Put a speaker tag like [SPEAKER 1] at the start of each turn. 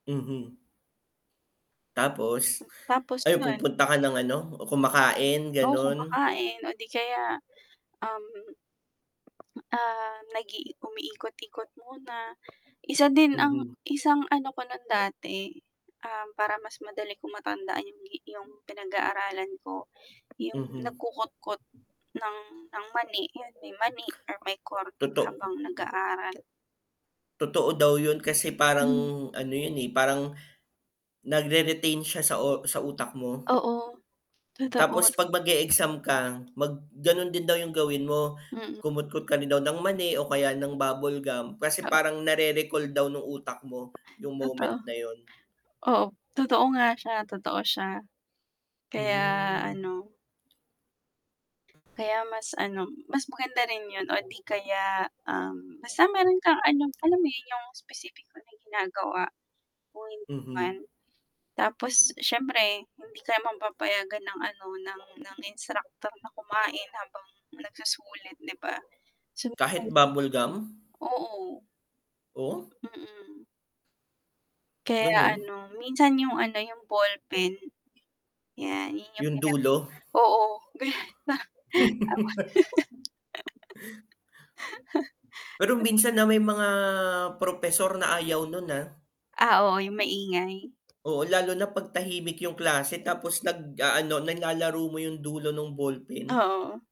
[SPEAKER 1] Mhm. Tapos
[SPEAKER 2] Tapos,
[SPEAKER 1] ay
[SPEAKER 2] 'yun.
[SPEAKER 1] pupunta ka ng ano, kumakain,
[SPEAKER 2] Ako,
[SPEAKER 1] ganun?
[SPEAKER 2] kumakain o 'di kaya, um ah, nag-i umiikot-ikot muna. Isa din ang
[SPEAKER 1] Mhm.
[SPEAKER 2] isang ano ko nun dati, um, para mas madali ko matandaan 'yung gi 'yung pinag-aaralan ko, 'yung
[SPEAKER 1] Mhm.
[SPEAKER 2] nagkukotkot ng ng mani, 'yun may mani or my kornik
[SPEAKER 1] Toto
[SPEAKER 2] habang nag aaral.
[SPEAKER 1] Totoo daw 'yun kasi parang
[SPEAKER 2] Hmm.
[SPEAKER 1] ano 'yun, eh, parang nagre-retain siya sa o sa utak mo.
[SPEAKER 2] Oo. Totoo.
[SPEAKER 1] Tapos 'pag mag-e-exam ka, mag ganun din daw yung gawin mo,
[SPEAKER 2] Mm.
[SPEAKER 1] kumutkot ka rin daw ng mani o kaya ng bubble gum kasi
[SPEAKER 2] Oo.
[SPEAKER 1] parang nare-recall daw ng utak mo yung moment
[SPEAKER 2] Totoo.
[SPEAKER 1] na 'yun.
[SPEAKER 2] Oo, totoo nga siya, totoo siya. Kaya
[SPEAKER 1] Hmm.
[SPEAKER 2] ano kaya mas ano, mas maganda rin 'yun o 'di kaya, um, basta meron kang ano, alam mo 'yun, 'yung specific na may ginagawa, kung hindi man.
[SPEAKER 1] Mhm.
[SPEAKER 2] Tapos siyempre, hindi ka mapapayagan ng ano ng ng instructor na kumain habang nagsusulit, 'di ba?
[SPEAKER 1] Kahit
[SPEAKER 2] [unintelligible]
[SPEAKER 1] bubble gum?
[SPEAKER 2] Oo.
[SPEAKER 1] Oh?
[SPEAKER 2] Mm. Kaya
[SPEAKER 1] Ganun?
[SPEAKER 2] ano, minsan 'yung ano, yung ballpen. 'Yan, 'yan, 'yung
[SPEAKER 1] 'Yung dulo.
[SPEAKER 2] [unintelligible] oo, ganyan
[SPEAKER 1] Pero minsan, ah, may mga propesor na ayaw 'nun, ah.
[SPEAKER 2] Ah, oo 'yung maingay.
[SPEAKER 1] Oo, lalo na 'pag tahimik 'yung klase tapos nag-aano, nalalaro mo 'yung dulo ng ballpen.
[SPEAKER 2] Oo.